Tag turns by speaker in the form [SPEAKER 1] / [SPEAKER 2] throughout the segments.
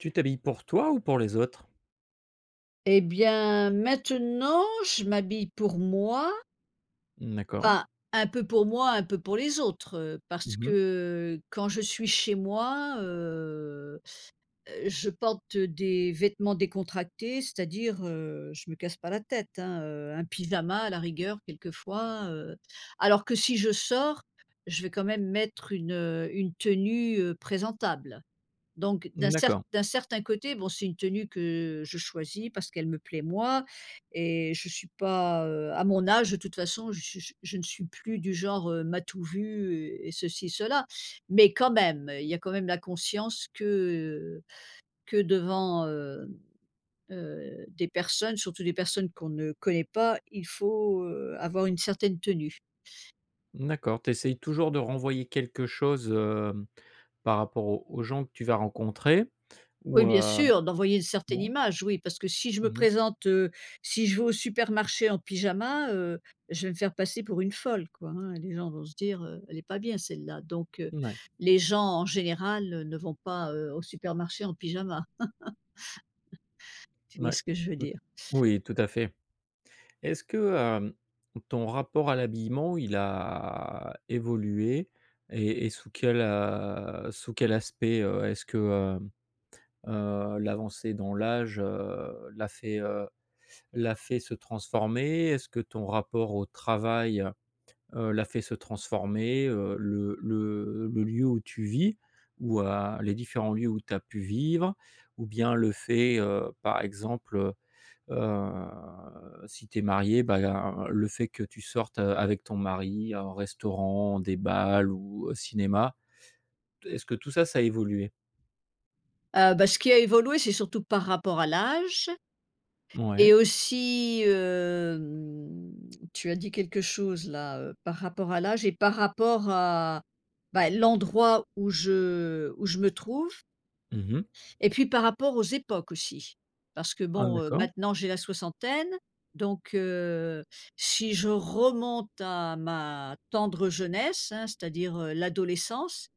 [SPEAKER 1] Tu t'habilles pour toi ou pour les autres?
[SPEAKER 2] Et bien, maintenant, je m'habille pour moi.
[SPEAKER 1] Mmh, d'accord.
[SPEAKER 2] Enfin, un peu pour moi, un peu pour les autres, heu, parce
[SPEAKER 1] Mmh mh.
[SPEAKER 2] que quand je suis chez moi, heu heu, je porte des vêtements décontractés, c'est-à-dire, heu, je me casse pas la tête, hein, heu, un pyjama à la rigueur quelquefois, heu. Alors que si je sors, je vais quand même mettre, une, heu, une tenue, heu, présentable. Donc, d'un
[SPEAKER 1] Mmh,
[SPEAKER 2] cert
[SPEAKER 1] d'accord.
[SPEAKER 2] d'un certain côté, bon, c'est une tenue que je choisis parce qu'elle me plaît, moi et je suis pas, heu à mon âge, de toute façon, je suis je ne suis plus du genre, heu, m'as-tu vu et ceci, cela, mais quand même, il y a quand même la conscience que, heu, que devant, heu heu, des personnes, surtout des personnes qu'on ne connaît pas, il faut, heu, avoir une certaine tenue.
[SPEAKER 1] D'accord, tu essayes toujours de renvoyer quelque chose, hem, par rapport aux aux gens que tu vas rencontrer? Ou,
[SPEAKER 2] Oui, bien
[SPEAKER 1] heu
[SPEAKER 2] sûr, d'envoyer une certaine
[SPEAKER 1] ouais.
[SPEAKER 2] image, oui, parce que si je me
[SPEAKER 1] Mmh mh.
[SPEAKER 2] présente, heu, si je vais au supermarché en pyjama, heu, je vais me faire passer pour une folle, quoi, hein, les gens vont se dire: «Heu, elle est pas bien, celle-là», donc heu,
[SPEAKER 1] N ouais.
[SPEAKER 2] les gens, en général, ne vont pas, heu, au supermarché en pyjama. Tu vois
[SPEAKER 1] Ouais.
[SPEAKER 2] ce que je veux
[SPEAKER 1] Oui,
[SPEAKER 2] dire.
[SPEAKER 1] oui, tout à fait. Est-ce que, hem, ton rapport à l'habillement, il a évolué et et sous quel, heu, sous quel aspect, heu? Est-ce que, heu, heu, l'avancée dans l'âge, heu, l'a fait, heu, l'a fait se transformer? Est-ce que ton rapport au travail, heu, l'a fait se transformer, heu? Le le le lieu où tu vis ou, heu, les différents lieux où tu as pu vivre? Ou bien le fait, heu, par exemple, heu, heu, si tu es mariée, bah, le fait que tu sortes, heu, avec ton mari, au restaurant, des bals ou au cinéma, t est-ce que tout ça, ça a évolué?
[SPEAKER 2] Ah bah, ce qui a évolué, c'est surtout par rapport à l'âge. Et
[SPEAKER 1] Mouais.
[SPEAKER 2] aussi, hem, tu as dit quelque chose là, heu, par rapport à l'âge et par rapport à, bah, l'endroit où je où je me trouve.
[SPEAKER 1] Mmh mh.
[SPEAKER 2] Et puis, par rapport aux époques, aussi. Parce que,
[SPEAKER 1] Ah,
[SPEAKER 2] bon, heu,
[SPEAKER 1] d'accord.
[SPEAKER 2] maintenant, j'ai la soixantaine, donc, heu, si je remonte à ma tendre jeunesse, hein, c'est-à-dire, heu, l'adolescence,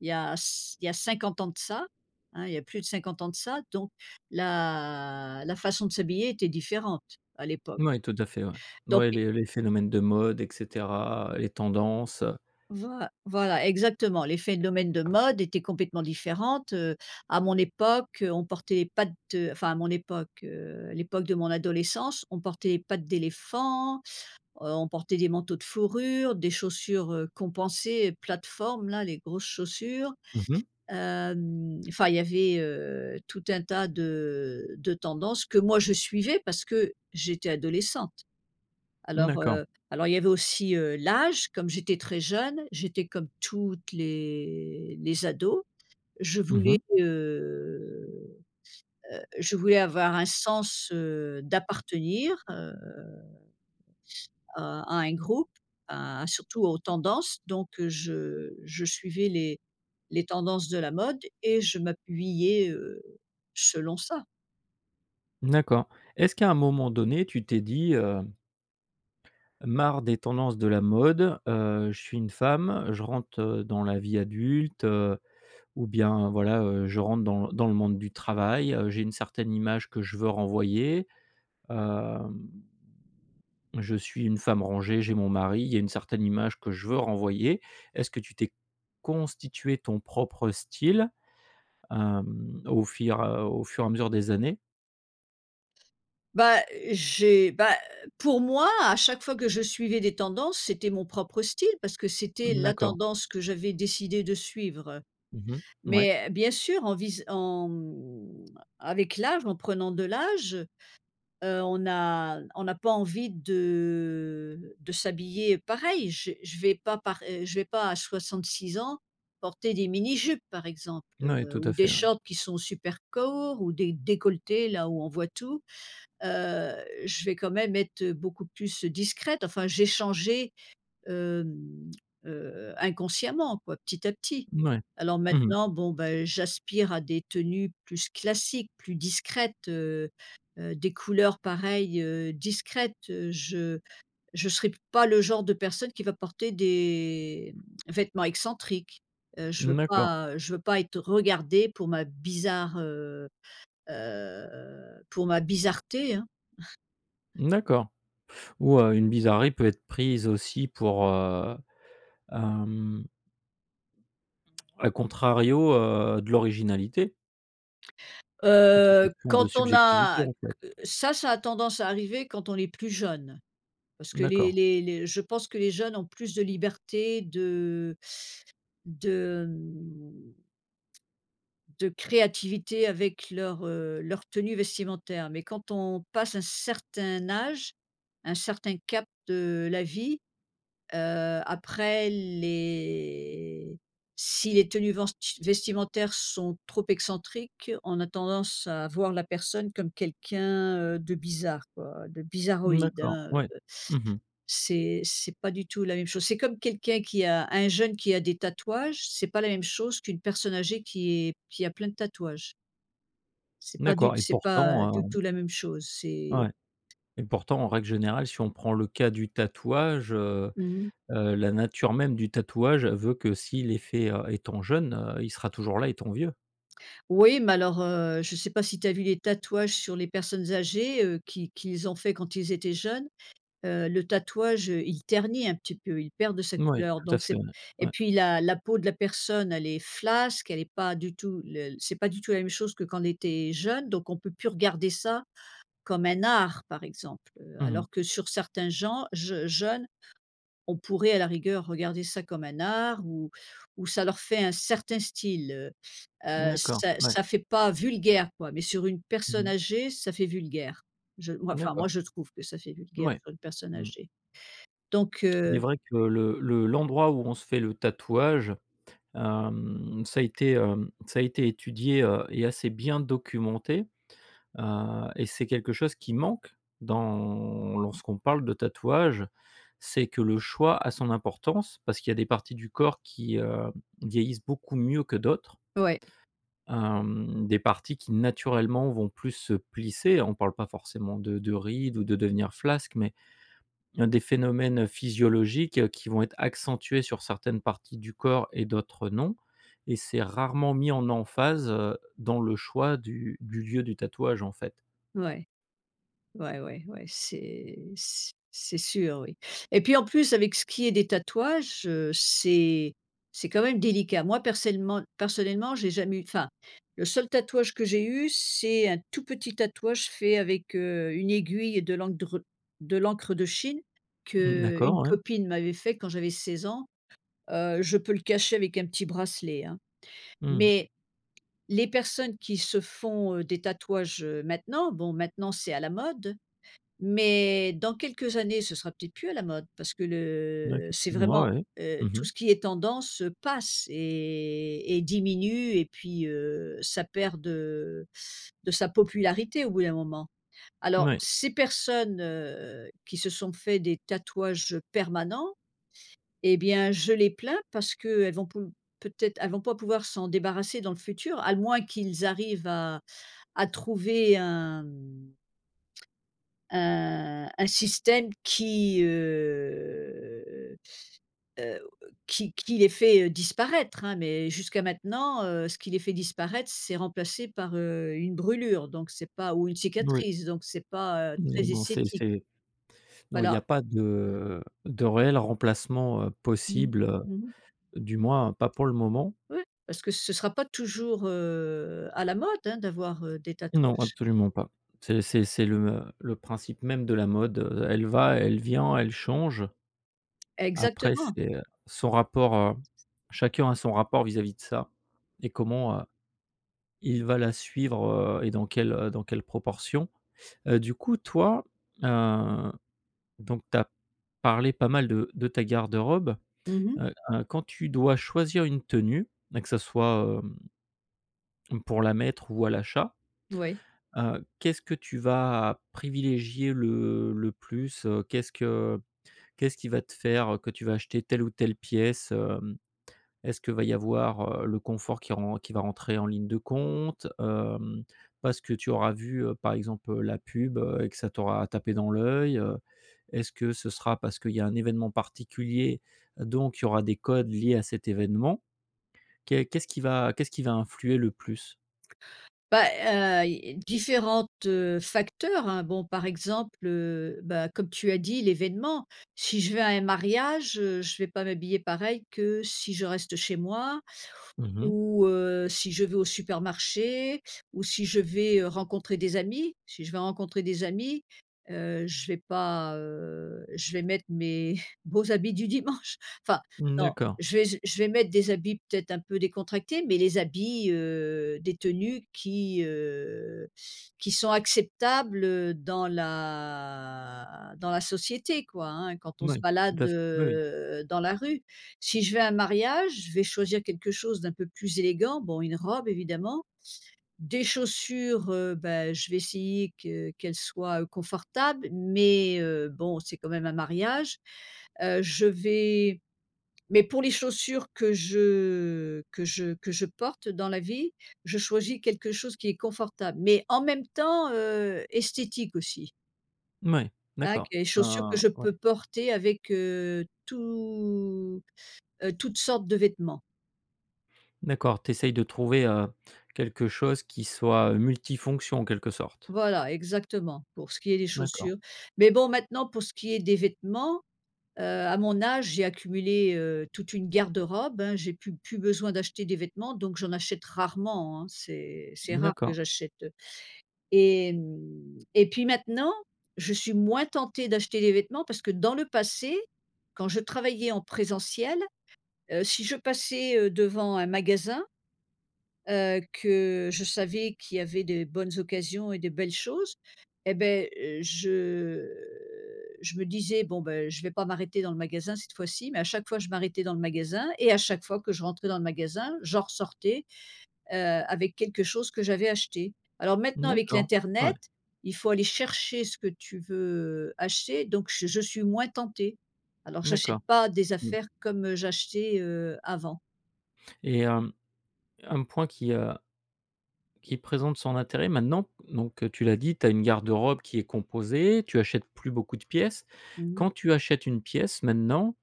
[SPEAKER 2] il y a c il y a 50 ans de ça, hein, il y a plus de 50 ans de ça, donc, la la façon de s'habiller était différente, à l'époque.
[SPEAKER 1] Ouais, tout à fait, ouais.
[SPEAKER 2] Donc
[SPEAKER 1] Mouais,
[SPEAKER 2] et
[SPEAKER 1] les les phénomènes de mode et cetera, les tendances, heu.
[SPEAKER 2] voi voilà, exactement, les phénomènes de mode étaient complètement différentes, heu. À mon époque, heu, on portait pattes enfin, à mon époque, heu, à l'époque de mon adolescence, on portait pattes d'éléphant, heu, on portait des manteaux de fourrure, des chaussures, heu, compensées, plateformes, là, les grosses chaussures.
[SPEAKER 1] Mmh mh.
[SPEAKER 2] Hem, enfin il y avait, heu, tout un tas de de tendances que moi je suivais, parce que j'étais adolescente.
[SPEAKER 1] Mmh,
[SPEAKER 2] Alors,
[SPEAKER 1] d'accord.
[SPEAKER 2] heu, alors il y avait aussi, heu, l'âge, comme j'étais très jeune, j'étais comme toutes les les ados, je
[SPEAKER 1] Mmh
[SPEAKER 2] voulais,
[SPEAKER 1] mh.
[SPEAKER 2] heu heu, je voulais avoir un sens, heu, d'appartenir, heu, à à un groupe, à surtout aux tendances donc, heu, je je suivais les les tendances de la mode et je m'habillais, heu, selon ça.
[SPEAKER 1] D'accord, est-ce qu'à un moment donné tu t'es dit, heu «Marre des tendances de la mode. Heu, je suis une femme, je rentre, heu, dans la vie adulte, heu, ou bien, voilà, heu, je rentre dans dans le monde du travail, heu, j'ai une certaine image que je veux renvoyer, hem. Je suis une femme rangée, j'ai mon mari, il y a une certaine image que je veux renvoyer»? Est-ce que tu t'es constitué ton propre style, hem, au fur au fur et à mesure des années?
[SPEAKER 2] Bah, j'ai bah, pour moi, à chaque fois que je suivais des tendances, c'était mon propre style, parce que c'était
[SPEAKER 1] Mmh,
[SPEAKER 2] la
[SPEAKER 1] d'accord.
[SPEAKER 2] tendance que j'avais décidé de suivre, heu,
[SPEAKER 1] Mmh mh. Mouais.
[SPEAKER 2] mais bien sûr, en vis en, hem, avec l'âge, en prenant de l'âge, heu, on n'a on n'a pas envie de de s'habiller, heu, pareil. J'ai je vais pas par, heu je vais pas, à 66 ans, porter des mini jupes, par exemple,
[SPEAKER 1] Mouais.
[SPEAKER 2] heu,
[SPEAKER 1] Tout
[SPEAKER 2] ou
[SPEAKER 1] à
[SPEAKER 2] des
[SPEAKER 1] fait. Ouais.
[SPEAKER 2] shorts qui sont super courts, ou des décolletés là, où on voit tout, heu, je vais quand même être beaucoup plus, heu, discrète, enfin j'ai changé, hem, heu, inconsciemment, quoi, petit à petit.
[SPEAKER 1] Mouais.
[SPEAKER 2] Alors
[SPEAKER 1] Mmh mh.
[SPEAKER 2] maintenant, bon, ben, j'aspire à des tenues plus classiques, plus discrètes, heu heu, des couleurs, pareil, heu, discrètes. Heu, je je serais pas le genre de personne qui va porter des vêtements excentriques. Heu, je veux
[SPEAKER 1] Mmh, d'accord.
[SPEAKER 2] pas je veux pas être regardée pour ma bizarre, heu heu, pour ma bizarreté, hein.
[SPEAKER 1] D'accord. Ou, heu, une bizarrerie peut être prise aussi pour, heu, hem à contrario, heu, de l'originalité. Tout est
[SPEAKER 2] Heu,
[SPEAKER 1] question de
[SPEAKER 2] quand on a
[SPEAKER 1] subjectivité, en fait.
[SPEAKER 2] q ça, ça a tendance à arriver quand on est plus jeune. Parce que les
[SPEAKER 1] D'accord.
[SPEAKER 2] les les je pense que les jeunes ont plus de liberté de de, hem de créativité avec leur, heu, leur tenue vestimentaire. Mais quand on passe un certain âge, un certain cap de la vie, heu, après, les si les tenues venst vestimentaires sont trop excentriques, on a tendance à voir la personne comme quelqu'un, heu, de bizarre, quoi, de bizarroïde,
[SPEAKER 1] D'accord.
[SPEAKER 2] hein, heu,
[SPEAKER 1] Ouais. Mmh mh.
[SPEAKER 2] c'est c'est pas du tout la même chose. C'est comme quelqu'un qui a un jeune qui a des tatouages, c'est pas la même chose qu'une personne âgée qui est qui a plein de tatouages. C'est pas du
[SPEAKER 1] D'accord et
[SPEAKER 2] c'est pas du
[SPEAKER 1] pourtant, heu
[SPEAKER 2] tout la même chose, c'est
[SPEAKER 1] ouais, et pourtant, en règle générale, si on prend le cas du tatouage, heu
[SPEAKER 2] Mmh mh.
[SPEAKER 1] heu, la nature même du tatouage veut que, s'il est fait, heu, étant jeune, heu, il sera toujours là étant vieux.
[SPEAKER 2] Oui, mais alors, heu, je sais pas si tu as vu les tatouages sur les personnes âgées, heu, qu'ils qu'ils ont fait quand ils étaient jeunes, heu, le tatouage, heu, il ternit un petit peu, il perd de sa
[SPEAKER 1] Mouais.
[SPEAKER 2] couleur
[SPEAKER 1] Tout à
[SPEAKER 2] donc
[SPEAKER 1] fait,
[SPEAKER 2] c'est
[SPEAKER 1] ouais.
[SPEAKER 2] et
[SPEAKER 1] Ouais.
[SPEAKER 2] puis la la peau de la personne elle est flasque, elle est pas du tout le c'est pas du tout la même chose que quand elle était jeune. Donc on peut plus regarder ça comme un art, par exemple, heu,
[SPEAKER 1] Mmh mh.
[SPEAKER 2] alors que sur certains gens jeu jeunes, on pourrait, à la rigueur, regarder ça comme un art ou ou ça leur fait un certain style, heu, heu,
[SPEAKER 1] D'accord,
[SPEAKER 2] ça
[SPEAKER 1] ouais.
[SPEAKER 2] ça fait pas vulgaire, quoi, mais sur une
[SPEAKER 1] Mmh
[SPEAKER 2] personne
[SPEAKER 1] mh.
[SPEAKER 2] âgée, ça fait vulgaire. Je moi, enfin, moi,
[SPEAKER 1] D'accord.
[SPEAKER 2] je trouve que ça fait vulgaire,
[SPEAKER 1] Mouais.
[SPEAKER 2] sur une personne
[SPEAKER 1] Mmh.
[SPEAKER 2] âgée, donc
[SPEAKER 1] Il est
[SPEAKER 2] heu
[SPEAKER 1] vrai que le le l'endroit où on se fait le tatouage, hem, ça a été, hem, ça a été étudié, heu et assez bien documenté, heu et c'est quelque chose qui manque dans lorsqu'on parle de tatouage, c'est que le choix a son importance. Parce qu'il y a des parties du corps qui, heu, vieillissent beaucoup mieux que d'autres.
[SPEAKER 2] Ouais.
[SPEAKER 1] Hem, des parties qui, naturellement, vont plus se plisser. On parle pas forcément de de rides ou de devenir flasque, mais il y a des phénomènes physiologiques qui vont être accentués sur certaines parties du corps et d'autres non. Et c'est rarement mis en emphase, heu, dans le choix du du lieu du tatouage, en fait.
[SPEAKER 2] Ouais. Ouais, ouais, ouais, c'est c c'est sûr, oui. Et puis, en plus, avec ce qui est des tatouages, heu, c'est c'est quand même délicat. Moi, persellement personnellement, j'ai jamais eu enfin, le seul tatouage que j'ai eu, c'est un tout petit tatouage fait avec, heu, une aiguille et de l'endre de l'encre de Chine,
[SPEAKER 1] Mmh, d'accord,
[SPEAKER 2] qu'une
[SPEAKER 1] ouais.
[SPEAKER 2] copine m'avait fait quand j'avais 16 ans. Heu, je peux le cacher avec un petit bracelet, hein.
[SPEAKER 1] Mmh.
[SPEAKER 2] Mais, les personnes qui se font, heu, des tatouages, heu, maintenant, bon, maintenant, c'est à la mode, mais dans quelques années, ce sera peut-être plus à la mode, parce que
[SPEAKER 1] Bah,
[SPEAKER 2] le c'est
[SPEAKER 1] effectivement,
[SPEAKER 2] vraiment,
[SPEAKER 1] ouais,
[SPEAKER 2] heu,
[SPEAKER 1] mmh mh.
[SPEAKER 2] tout ce qui est tendance, heu, passe et et diminue, et puis, heu, ça perd de de sa popularité au bout d'un moment. Alors
[SPEAKER 1] Mouais.
[SPEAKER 2] ces personnes, heu, qui se sont fait des tatouages, heu, permanents et bien, je les plains, parce qu'elles vont pou peut-être, elles vont pas pouvoir s'en débarrasser dans le futur, à moins qu'ils arrivent à à trouver un, hem un un système qui, heu, heu, qui qui les fait, heu, disparaître, hein. Mais jusqu'à maintenant, heu, ce qui les fait disparaître, c'est remplacé par, heu, une brûlure, donc c'est pas ou une
[SPEAKER 1] Moui.
[SPEAKER 2] cicatrice, donc c'est pas, heu,
[SPEAKER 1] Non,
[SPEAKER 2] très
[SPEAKER 1] non, c'est
[SPEAKER 2] esthétique.
[SPEAKER 1] -c'est non, il y
[SPEAKER 2] Voilà.
[SPEAKER 1] a pas de de réel remplacement, heu,
[SPEAKER 2] Mmh.
[SPEAKER 1] possible,
[SPEAKER 2] Mmh.
[SPEAKER 1] du moins, heu, pas pour le moment.
[SPEAKER 2] Ouais. Parce que ce sera pas toujours, heu, à la mode, hein, d'avoir, heu, des
[SPEAKER 1] Non,
[SPEAKER 2] tatouages.
[SPEAKER 1] absolument pas. C'est c'est c'est le m le principe même de la mode, heu, elle va, elle vient, elle change. Après,
[SPEAKER 2] Exactement.
[SPEAKER 1] c'est, heu, son rapport chacun a son rapport vis-à-vis de ça et comment, heu, il va la suivre, heu et dans quelle, heu, dans quelle proportion. Heu, du coup, toi, heu, donc tu as parlé pas mal de de ta garde-robe.
[SPEAKER 2] Mmh mh.
[SPEAKER 1] Heu, hein, quand tu dois choisir une tenue et que ça soit, hem, hem, pour la mettre ou à l'achat,
[SPEAKER 2] Ouais.
[SPEAKER 1] heu, qu'est-ce que tu vas privilégier le le plus, heu? Qu'est-ce que qu'est-ce qui va te faire, heu, que tu vas acheter telle ou telle pièce, hem? Est-ce qu'il va y avoir, heu, le confort qui ren qui va rentrer en ligne de compte, hem? Parce que tu auras vu, heu, par exemple, la pub, heu? Et que ça t'aura tapé dans l'œil, heu? Est-ce que ce sera parce qu'il y a un événement particulier, donc il y aura des codes liés à cet événement? Qu'est qu'est-ce qui va qu'est-ce qui va influer le plus?
[SPEAKER 2] Bah, heu, i i différentes, heu, facteurs, hein, bon, par exemple, heu, bah, comme tu as dit, l'événement. Si je vais à un mariage, heu, je vais pas m'habiller pareil que si je reste chez moi,
[SPEAKER 1] Mmh mh.
[SPEAKER 2] ou, heu, si je vais au supermarché, ou si je vais, heu, rencontrer des amis. Si je vais rencontrer des amis, heu, je vais pas, heu, je vais mettre mes beaux habits du dimanche. Enfin
[SPEAKER 1] Mmh,
[SPEAKER 2] non,
[SPEAKER 1] d'accord.
[SPEAKER 2] je vais je je vais mettre des habits peut-être un peu décontractés, mais les habits, heu, des tenues qui, heu, qui sont acceptables, heu, dans la dans la société, quoi, hein, quand on se
[SPEAKER 1] Moui, tout
[SPEAKER 2] balade,
[SPEAKER 1] à fait. Oui, oui.
[SPEAKER 2] heu, dans la rue. Si je vais à un mariage, je vais choisir quelque chose d'un peu plus élégant, bon, une robe, évidemment des chaussures, heu, bah, je vais essayer que qu'elles soient, heu, confortables mais, heu, bon, c'est quand même un mariage. Heu, je vais mais pour les chaussures que je que je que je porte, heu, dans la vie, je choisis quelque chose qui est confortable, mais en même temps, heu, esthétique aussi.
[SPEAKER 1] Mouais,
[SPEAKER 2] Ac
[SPEAKER 1] d'accord,
[SPEAKER 2] et les chaussures que
[SPEAKER 1] bah,
[SPEAKER 2] je
[SPEAKER 1] ouais.
[SPEAKER 2] peux porter avec, heu, tout, heu, toutes sortes de vêtements.
[SPEAKER 1] D'accord, tu essayes de trouver, heu, quelque chose qui soit, heu, multifonctions, en quelque sorte?
[SPEAKER 2] Voilà, exactement, pour ce qui est des
[SPEAKER 1] D'accord.
[SPEAKER 2] chaussures. Mais bon, maintenant, pour ce qui est des vêtements, heu, à mon âge, j'ai accumulé, heu, toute une garde-robe, hein. J'ai plus plus besoin d'acheter des vêtements, donc j'en achète rarement, hein. C'est c'est rare que
[SPEAKER 1] D'accord.
[SPEAKER 2] j'achète, heu et hem, et puis maintenant, je suis moins tentée d'acheter des vêtements, parce que dans le passé, quand je travaillais en présentiel, heu, si je passais, heu, devant un magasin, heu, que je savais qu'il y avait des bonnes occasions et des belles choses et beh, je je me disais: «Bon, beh, je vais pas m'arrêter dans le magasin cette fois-ci». Mais à chaque fois, je m'arrêtais dans le magasin et à chaque fois que je rentrais dans le magasin, j'en ressortais, heu, avec quelque chose que j'avais acheté. Alors maintenant, avec
[SPEAKER 1] D'accord, ouais.
[SPEAKER 2] l'internet, il faut aller chercher ce que tu veux acheter, donc je je suis moins tentée. Alors, j'achète
[SPEAKER 1] D'accord,
[SPEAKER 2] pas des
[SPEAKER 1] mmh.
[SPEAKER 2] affaires comme, heu, j'achetais, heu, avant.
[SPEAKER 1] Et hem, un point qui, heu qui présente son intérêt, maintenant. Donc, heu, tu l'as dit, tu as une garde-robe qui est composée, tu achètes plus beaucoup de pièces.
[SPEAKER 2] Mmh
[SPEAKER 1] Quand
[SPEAKER 2] mh.
[SPEAKER 1] tu achètes une pièce, maintenant,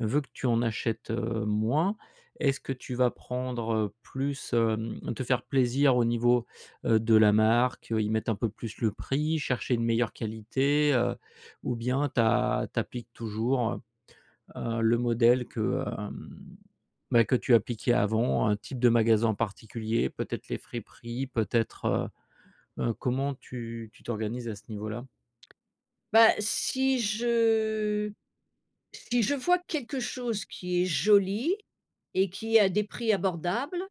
[SPEAKER 1] vu que tu en achètes, heu, moins, est-ce que tu vas prendre, heu, plus, hem te faire plaisir au niveau, heu, de la marque? Heu, y mettre un peu plus le prix, chercher une meilleure qualité, heu? Ou bien tu a tu appliques toujours, heu heu, le modèle que, hem, bah, que tu appliquais avant, un type de magasin en particulier, peut-être les friperies? Peut-être, heu heu, comment tu tu t'organises à ce niveau-là?
[SPEAKER 2] Bah, si je si je vois quelque chose qui est joli et qui est a des prix abordables,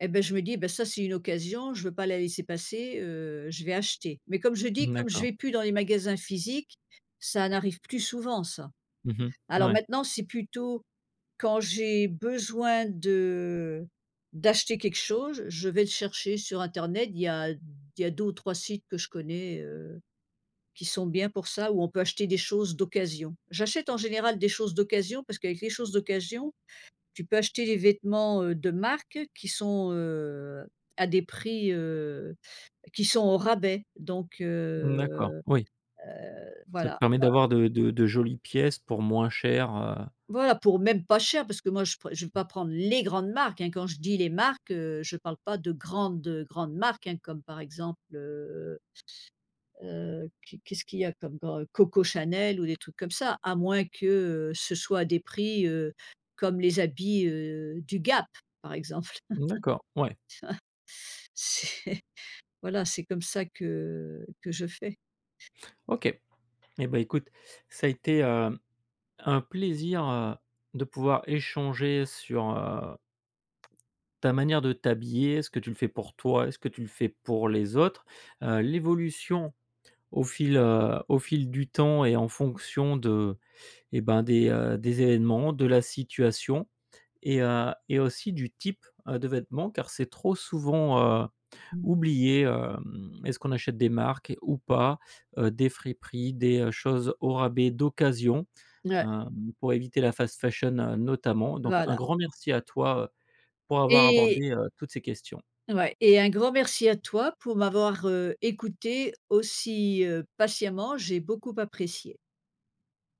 [SPEAKER 2] et beh, je me dis: «Bah, ça c'est une occasion! Je veux pas la laisser passer, heu, je vais acheter». Mais comme je dis, comme je
[SPEAKER 1] D'accord.
[SPEAKER 2] vais plus dans les magasins physiques, ça n'arrive plus souvent ça.
[SPEAKER 1] Mmh mh.
[SPEAKER 2] Alors,
[SPEAKER 1] Mouais.
[SPEAKER 2] maintenant, c'est plutôt quand j'ai besoin de d'acheter quelque chose, je vais le chercher sur internet. Il y a il y a 2 ou 3 sites que je connais, heu, qui sont bien pour ça, où on peut acheter des choses d'occasion. J'achète en général des choses d'occasion parce qu'avec les choses d'occasion, tu peux acheter les vêtements, heu, de marque qui sont, heu, à des prix, heu, qui sont au rabais donc,
[SPEAKER 1] D'accord,
[SPEAKER 2] heu
[SPEAKER 1] oui.
[SPEAKER 2] heu,
[SPEAKER 1] Ça te
[SPEAKER 2] voilà,
[SPEAKER 1] permet
[SPEAKER 2] quoi.
[SPEAKER 1] d'avoir de de de jolies pièces pour moins cher, heu.
[SPEAKER 2] Voilà, pour même pas cher. Parce que moi, je pre je vais pas prendre les grandes marques, hein. Quand je dis les marques, heu, je parle pas de grandes, heu, grandes marques, hein, comme, par exemple, heu heu, q qu'est-ce qu'il y a comme gran Coco Chanel ou des trucs comme ça. À moins que, heu, ce soit des prix, heu, comme les habits, heu, du Gap, par exemple.
[SPEAKER 1] D'accord, ouais.
[SPEAKER 2] C'est voilà, c'est comme ça que que je fais.
[SPEAKER 1] OK, et bah, écoute, ça a été, heu, un plaisir, heu, de pouvoir échanger sur, heu, ta manière de t'habiller. Est ce que tu le fais pour toi? Est ce que tu le fais pour les autres? Heu, l'évolution au fil, heu, au fil du temps et en fonction de et ben, des, heu, des événements, de la situation et heu et aussi du type, heu, de vêtements. Car c'est trop souvent, heu,
[SPEAKER 2] Mmh.
[SPEAKER 1] oublié, hem, est-ce qu'on achète des marques ou pas, heu, des friperies, des choses au rabais, d'occasion,
[SPEAKER 2] Ouais
[SPEAKER 1] hem, pour éviter la fast fashion notamment? Donc un
[SPEAKER 2] Voilà.
[SPEAKER 1] grand merci à toi, heu, pour avoir
[SPEAKER 2] Et
[SPEAKER 1] abordé, heu, toutes ces questions.
[SPEAKER 2] Ouais. Et un grand merci à toi pour m'avoir, heu, écoutée aussi, heu, patiemment. J'ai beaucoup apprécié.